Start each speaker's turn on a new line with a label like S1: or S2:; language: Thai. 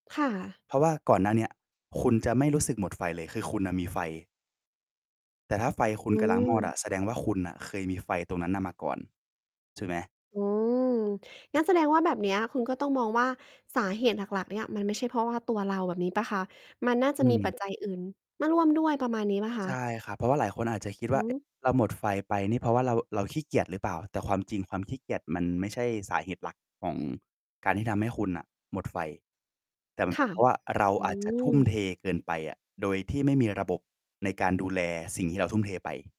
S1: ค่ะ
S2: เพราะว่าก่อนหน้าเนี้ย คุณจะไม่รู้สึกหมดไฟเลย คือคุณน่ะมีไฟ แต่ถ้าไฟคุ
S1: อื
S2: ณกำลังมอดอ
S1: ม
S2: ะ แสดงว่าคุณน่ะเคยมีไฟตรงนั้นน่ะมาก่อน ใช่ไหม?
S1: อืม งั้นแสดงว่าแบบเนี้ยคุณก็ต้องมองว่า สาเหตุหลัก ๆ เนี่ย มันไม่ใช่เพราะว่าตัวเรา แบบนี้เปล่าคะ? มันน่า
S2: อ
S1: จะ
S2: ื
S1: มีปั
S2: ม
S1: จจัยอื่นมาร่วมด้วย ประมาณนี้เปล่าค
S2: ใ
S1: ะ?
S2: ช่ค่รับ เพราะว่าหลายคนอาจจะคิด
S1: อ
S2: ว่า
S1: ื
S2: "เอ๊ะ
S1: ม
S2: เราหมดไฟไปนี่ เพราะว่าเรา เราขี้เกียจหรือเปล่า?" แต่ความจริง ความขี้เกียจมันไม่ใช่สาเหตุหลักของการที่ทำให้คุณน่ะหมดไฟ แต่มั
S1: ค
S2: น
S1: ่ะ
S2: เพราะว่าเรา
S1: อื
S2: อาจจะทุ่ม
S1: ม
S2: เทเกินไปอะ โดยที่ไม่มีระบบในการดูแลสิ่งที่เราทุ่มเทไป